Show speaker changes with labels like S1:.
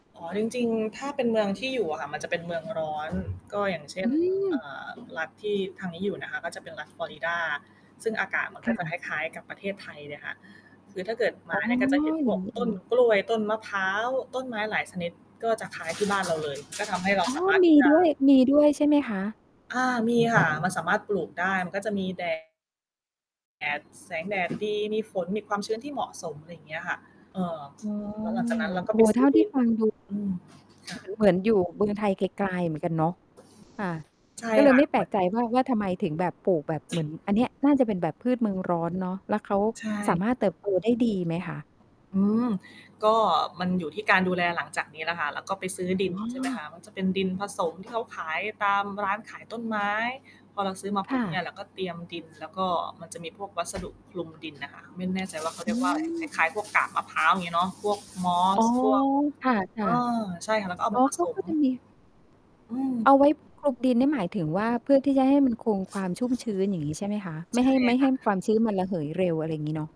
S1: อ๋อ จริง ๆ ถ้าเป็นเมืองที่อยู่อะค่ะ มันจะเป็นเมืองร้อน ก็อย่างเช่
S2: อื
S1: น เอ่
S2: ม
S1: อ รัฐที่ทางนี้อยู่นะคะ ก็จะเป็นรัฐฟลอริดา ซึ่งอากาศมัน
S2: ค
S1: ก็
S2: ่
S1: จะค
S2: ะ
S1: ล้าย ๆ กับประเทศไทยเลยค่ะ คือถ้าเกิดม
S2: อ
S1: า
S2: ๋อ
S1: เนี่ย ก็จะเห็นพ
S2: อย่
S1: ว
S2: าง
S1: ก
S2: งี้
S1: ต
S2: เอ
S1: ้น
S2: ง
S1: กล้วย ต้นมะพร้าว ต้นไม้หลายชนิด ก็จะคล้าย ที่บ้านเราเลย ก็ทำให้เรา
S2: อ๋อ
S1: สามารถ
S2: ม
S1: ที
S2: ี
S1: ่จะ
S2: ด้วย มีด้วยใช่ไหมคะ?
S1: อา มี ค่ะ มันสามารถปลูกได้ มันก็จะมี แดด แดด แสงแดด ดี มีฝน มีความชื้นที่เหมาะสม อะไรอย่างเงี้ยค่ะ เอ่อ
S2: อ๋อ
S1: แล้วหลังจากนั้น เราก
S2: โอ
S1: ็
S2: ้
S1: ไ
S2: โ
S1: ป
S2: ฮ
S1: ซ
S2: เ
S1: ื
S2: ท
S1: ้
S2: ่
S1: อ
S2: า
S1: ด
S2: ที่
S1: ิน
S2: ฟังดู
S1: อืม ค
S2: เ
S1: ่
S2: ห
S1: ะ
S2: มือน เหมือนอยู่เมืองไทยกลาย ๆ เหมือนกันเนาะ ค่ะ
S1: ใช่
S2: ก็เล
S1: ค
S2: ย
S1: ่ะ
S2: ไม่แ
S1: เ
S2: ป
S1: หม
S2: ล
S1: ื
S2: ก
S1: อน
S2: ใจว่า ว่าทำไมถึงแบบปลูกแบบ เหมือนอันเนี้ย น่าจะเป็นแบบพืชเมืองร้อนเนาะ แล้วเขา
S1: ใช
S2: สา
S1: ่
S2: มารถเติบ โต ได้ดีไหมคะ?
S1: อืม ก็ มันอยู่ที่การดูแลหลังจากนี้แหละค่ะ เราก็ไปซื้อดิ
S2: อ
S1: น ใช่ไหมค
S2: ๋อ
S1: ะ มันจะเป็นดินผสม ที่เขาขายตามร้านขายต้นไม้ พอเราซื้อมา
S2: ค
S1: ปุ
S2: ่
S1: ๊บเนี่
S2: ะ
S1: ย เราก็เตรียมดิน แล้วก็มันจะมีพวกวัสดุ คลุมดินอะค่ะ ไม่แน่ใจ ว่าเค้าเ
S2: อ
S1: ร
S2: ื
S1: ียกว่าอะไร ค
S2: ม
S1: ล้าย ๆ พวกกาบมะพร้าว อย่างงี้เนาะ พวกมอ
S2: อ๋
S1: ส
S2: อ
S1: พวก
S2: ค่ะ
S1: เออ ใช่ค่ะ แล้วก็ เอ
S2: ๆ
S1: า
S2: อ๋
S1: ม
S2: อ
S1: าผ
S2: เขา
S1: ส
S2: ก
S1: ม
S2: ็จะมี
S1: อืม
S2: เอาไว้คลุมดิน นี่หมายถึงว่า เพื่อที่จะให้มันคงความชุ่มชื้น อย่างงี้ใช่ไหมคะ? ไม
S1: ใช
S2: ่ให
S1: ่
S2: ้ ไม่
S1: ค
S2: ให้
S1: ่ะ
S2: ความชื้นมันระเหยเร็ว อะไรอย่างงี้เนาะ